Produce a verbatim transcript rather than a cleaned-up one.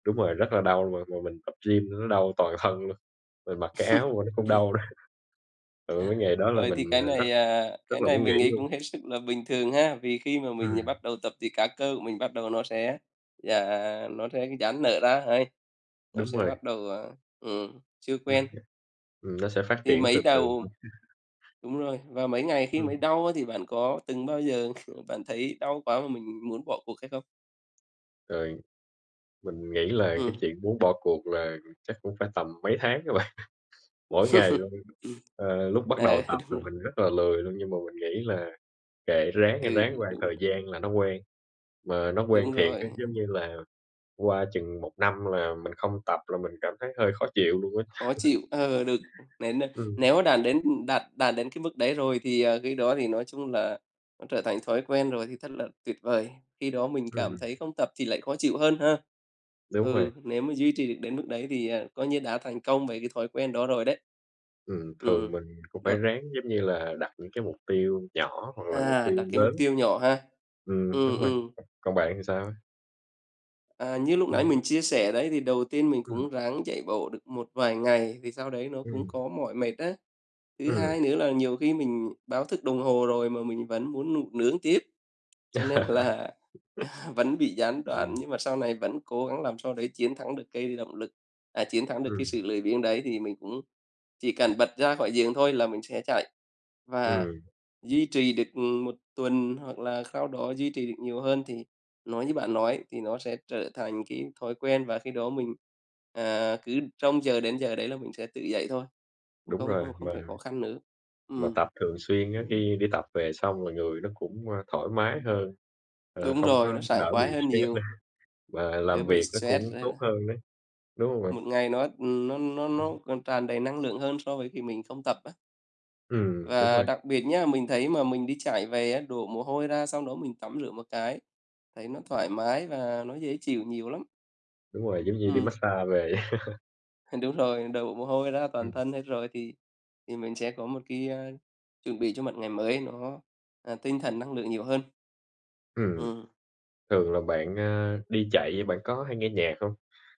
Đúng rồi, rất là đau mà mà mình tập gym nữa nó đau toàn thân luôn, mình mặc cái áo mà nó cũng đau nữa. Ừ, cái ngày đó là Ờ, mình, thì cái ờ, rất này, à, cái rất là này muốn nghỉ mình nghĩ luôn. cũng hết sức là bình thường ha? Vì khi mà mình Ừm. bắt đầu tập thì các cơ của mình bắt đầu nó sẽ dà nó sẽ dãn nở ra hầy, nó Đúng sẽ rồi. bắt đầu, ờ, ừm, chưa Ô quen. kê, ừm, nó sẽ phát Thì triển mới từ từ đầu thôi. đúng rồi, và mấy ngày khi Ừm. mới đau á thì bạn có từng bao giờ kh bạn thấy đau quá mà mình muốn bỏ cuộc hay không? Rồi. Mình nghĩ là cái Ừm. chuyện muốn bỏ cuộc là chắc cũng phải tầm mấy tháng á bạn, mỗi ngày Ừm. luôn. Ờ, lúc bắt đầu Ờ, tập đúng là rồi. mình rất là lười luôn, nhưng mà mình nghĩ là "Kệ, ráng đi, Ừ, ráng qua một đúng. thời gian là nó quen", mà nó quen Đúng thiệt rồi. á, giống như là, qua chừng một năm là mình không tập là mình cảm thấy hơi khó chịu luôn á. Khó chịu ờ, được. Nên, ờ, Ừm nếu mà đạt đến, ừm, đạt đạt đến cái mức đấy rồi thì, à, khi đó thì nói chung là nó trở thành thói quen rồi thì thật là tuyệt vời. Khi đó mình cảm Ừm. thấy không tập thì lại khó chịu hơn ha? Đúng rồi. Ừ, nếu mà duy trì được đến mức đấy thì, ờ, coi như đã thành công với cái thói quen đó rồi đấy. Ừm, thường Ừm, mình cũng phải được. ráng, giống như là, đặt những cái mục tiêu nhỏ hoặc là mục À, tiêu đặt cái mục lớn. tiêu nhỏ ha. Ừm, Ừm, đúng rồi, ừm. còn bạn thì sao ấy? À, như lúc nãy Ừm. mình chia sẻ đấy thì đầu tiên mình Ừm. cũng ráng chạy bộ được một vài ngày, thì sau đấy nó cũng Ừm. có mỏi mệt á. Thứ hai Ừm. nữa là nhiều khi mình báo thức đồng hồ rồi, mà mình vẫn muốn ngủ nướng tiếp. Cho nên là vẫn bị gián đoạn, Ừm. nhưng mà sau này vẫn cố gắng làm sao đấy chiến thắng được cái động lực à, chiến thắng được Ừm. cái sự lười biếng đấy thì mình cũng chỉ cần bật ra khỏi giường thôi là mình sẽ chạy. Và Ừm. duy trì được, ừm, một tuần hoặc là sau đó duy trì được nhiều hơn thì nói như bạn nói thì nó sẽ trở thành cái thói quen và khi đó mình, à, cứ trông chờ đến giờ đấy là mình sẽ tự dậy thôi, Đúng không không rồi, không mà phải khó khăn nữa. mà Ừm. tập thường xuyên á, khi đi tập về xong là người nó cũng, ơ, thoải mái hơn. Ờ, Đúng không có rồi, nó sảng đỡ bị khoái hơn stress nữa, nhiều. mà Đỡ làm bị việc nó stress cũng tốt nữa. hơn đấy, đúng hông bạn? Một ngày nó, ừm, nó nó nó còn tràn đầy năng lượng hơn so với khi mình không tập á. Ừm, đúng Và rồi. đặc biệt nhá, mình thấy mà mình đi chạy về á, đổ mồ hôi ra xong đó mình tắm rửa một cái, thấy nó thoải mái và nó dễ chịu nhiều lắm. Đúng rồi, giống như đi Ừm. massage về. Đúng rồi, đổ mồ hôi ra toàn Ừm. thân hết rồi thì thì mình sẽ có một cái á, chuẩn bị cho một ngày mới nó, à, tinh thần năng lượng nhiều hơn. Ừm. Ừm. Thường là bạn, ờ, đi chạy bạn có hay nghe nhạc hông?